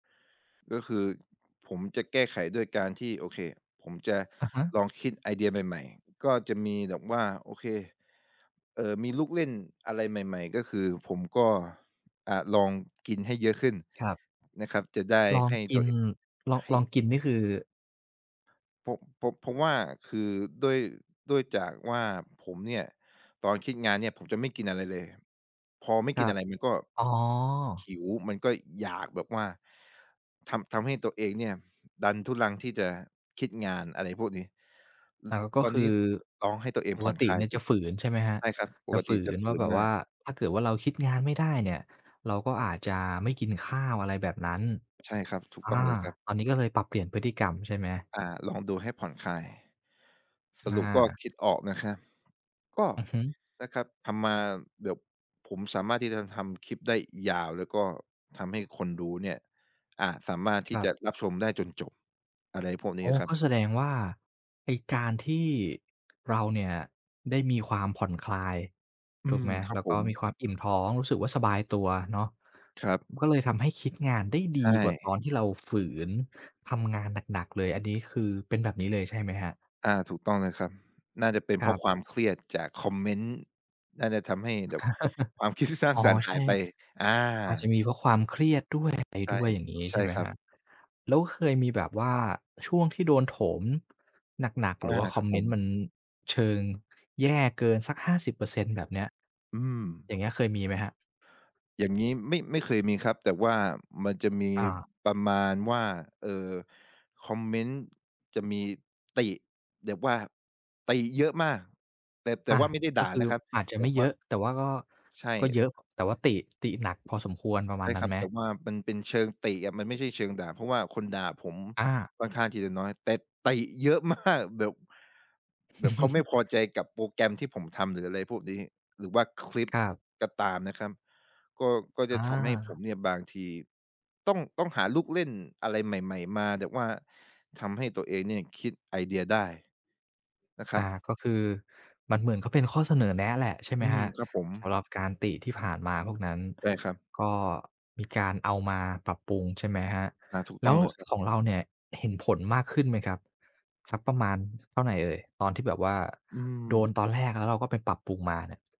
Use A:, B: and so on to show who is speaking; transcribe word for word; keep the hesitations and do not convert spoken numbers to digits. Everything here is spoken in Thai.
A: ก็คือผมจะแก้ไขด้วยการที่ โอเค ผมจะ
B: อะฮะ
A: ลองคิดไอเดียใหม่ ๆ ก็จะมีแบบว่า โอเค เอ่อ มีลูกเล่นอะไรใหม่ ๆ ก็คือผมก็ อ่า ลองกินให้เยอะขึ้น
B: ครับ
A: นะครับ จะได้
B: ลอง
A: ให้
B: ก
A: ต
B: ิ
A: ั
B: น
A: วเอง
B: ลอง
A: ให้
B: ลองกินนี่คือ
A: ผม ผม ผมว่าคือด้วย ด้วยจากว่าผมเนี่ย ตอนคิดงานเนี่ยผมจะไม่กินอะไรเลย พอไม่
B: ค
A: กิ
B: ร
A: น
B: ั
A: อ
B: บ
A: ะไรมันก็
B: อ๋
A: ห
B: อ
A: ิว มันก็อยากแบบว่า ทำ ทำให้ตัวเองเนี่ยดันทุรังที่จะคิดงาน อะไรพวกนี้ อ
B: แต่ ล ก็
A: ตอน
B: ค
A: น
B: ื
A: ี้
B: อ
A: ลองให้ตัวเอง
B: ป
A: ผ
B: ก
A: ่อน
B: ติ
A: คลา
B: เ
A: ย
B: นี่ย
A: ด
B: จ
A: ู
B: ะฝืน ใช่ไหมครับ
A: ใช่ครับ ป
B: จะ
A: ก
B: ฝ
A: ติ
B: ื
A: จะ
B: น
A: ฝ
B: ว่
A: ื
B: า
A: น
B: แบบ
A: ม
B: ว
A: า
B: ่
A: ก
B: า ถ้าเกิดว่าเราคิดงานไม่ได้เนี่ย เราก็อาจจะไม่กินข้าว อะไรแบบนั้น
A: ใช่ครับ ถูก
B: อ
A: ต้อง
B: า
A: เลยครับ
B: ตอนนี้ก็เลยปรับเปลี่ยนพฤติกรรม ใช่ไหม?
A: อา ลองดูให้ผ่อนคลาย ส
B: อ
A: ร
B: า
A: ุปก็คิดออกนะครับ ก็
B: อือฮึ
A: นะครับ ทำมา เดี๋ยวผมสามารถที่จะทำคลิปได้ยาว แล้วก็ทำให้คนดูเนี่ย อ่า สามารถท
B: ค
A: ี
B: ร
A: ่
B: ั
A: จ
B: บ
A: ะรับชมได้จนจบ อะไรพวกนี
B: อ
A: ้
B: ๋อ
A: อะครั
B: ก
A: บ
B: ็แสดงว่าไอ้การที่ เราเนี่ยได้มีความผ่อนคลาย
A: อื
B: ถูก
A: ม
B: ไหม
A: คร
B: แ
A: ั
B: ล
A: บ
B: ้ว
A: ผ
B: ก็
A: ม
B: มีความอิ่มท้อง รู้สึกว่าสบายตัวเนาะ
A: ครับ
B: ม ก็เลยทำให้คิดงานได้
A: ใ
B: ด
A: ช
B: ีกว่า
A: ่
B: ตอนที่เราฝืนทำงานหนัก ๆ เลย อันนี้คือเป็นแบบนี้เลย ใช่ไหมครับ?
A: อา ถูกต้องเลยครับ น่าจะเป็น
B: ค
A: เพ
B: ร
A: รา
B: ั
A: ะคว
B: บ
A: ามเครียดจากคอมเมนต์ น่าจะทำให้แบบความคิด ที่สร้า
B: อ
A: ง
B: ๋อ
A: สรรค์
B: ใ
A: ห
B: ช
A: า
B: ่
A: ยไป อ
B: อาจจะ
A: า
B: มีเพราะความเครียด ด้วย อะไร
A: ใช่
B: ด้วย อย่างนี้
A: ใช
B: ใช
A: ่
B: ่ไหม
A: ครั
B: ค
A: บ
B: รับ แล้วเคยมีแบบว่าช่วงที่โดนโถม หนัก ๆ
A: อ
B: หรือ
A: า
B: ว่าค
A: ค
B: อ
A: รั
B: ม
A: บ
B: เ
A: ผ
B: มน
A: ม
B: ต์มันเชิง แย่เกินสัก ห้าสิบเปอร์เซ็นต์ แบบเนี้ย
A: อื
B: อย
A: ม
B: ่างเงี้ย เคยมีไหมครับ?
A: อย่างงี้ไม่ ไม่เคยมีครับ แต่ว่ามันจะมี
B: อา
A: ประมาณว่า เอ่อ คอมเมนต์จะมี ติ แบบว่าติเยอะมาก แต่ แต่
B: อา
A: ว่าไม่ได้
B: ก
A: ด่
B: ็
A: า
B: คื
A: น
B: อ
A: ะครับ
B: อาจจะ
A: แต่
B: ไม่
A: ว
B: เย
A: ่า
B: อะ แต่ว่าก็
A: ใช
B: ก็
A: ่
B: เยอะ แต่ว่าติ ติหนักพอสมควร ประ
A: ใ
B: ม
A: ช
B: าณ
A: ่
B: นั
A: ค
B: ้
A: ร
B: น
A: ั
B: ไ
A: บ
B: หม?
A: แต่ว่ามันเป็นเชิงติอะ มันไม่ใช่เชิงด่า เพราะว่าคนด่าผม
B: อา
A: ค่อนข้างที่จะน้อย แต่ติเยอะ มาก แบบ แบบเขาไม่พอใจกับโปรแกรมที่ผมทำ หรืออะไรพวกนี้ หรือว่าคลิป
B: ครับ
A: ก็ตามนะครับ ก็ ก็จ
B: อ
A: ะทำให้ผม
B: า
A: เนี่ยบางทีต้อง ต้องหาลูกเล่นอะไรใหม่ ๆ มา แบบว่าทำให้ตัวเองเนี่ย คิดไอเดียได้ นะคร
B: อ
A: ั
B: า
A: บ
B: ก็คือมันเหมือนเขาเป็นข้อเสนอแนะแหละ ใช่ไหม
A: อื
B: ค
A: ม
B: รับ
A: ครับผม
B: สำหรับการติที่ผ่านมาพวกนั้น
A: ได้ครับ
B: ก็มีการเอามาปรับปรุง ใช่ไหมครับ
A: อ่า ถูก
B: แล
A: ต้
B: ้
A: อง
B: ว
A: เลยครับ
B: ของเราเนี่ยเห็นผลมากขึ้นไหมครับ สักประมาณเท่าไรเอ่ย ตอนที่แบบว่า
A: อืม
B: โดนตอนแรก แล้วเราก็ไปปรับปรุงมาเนี่ย?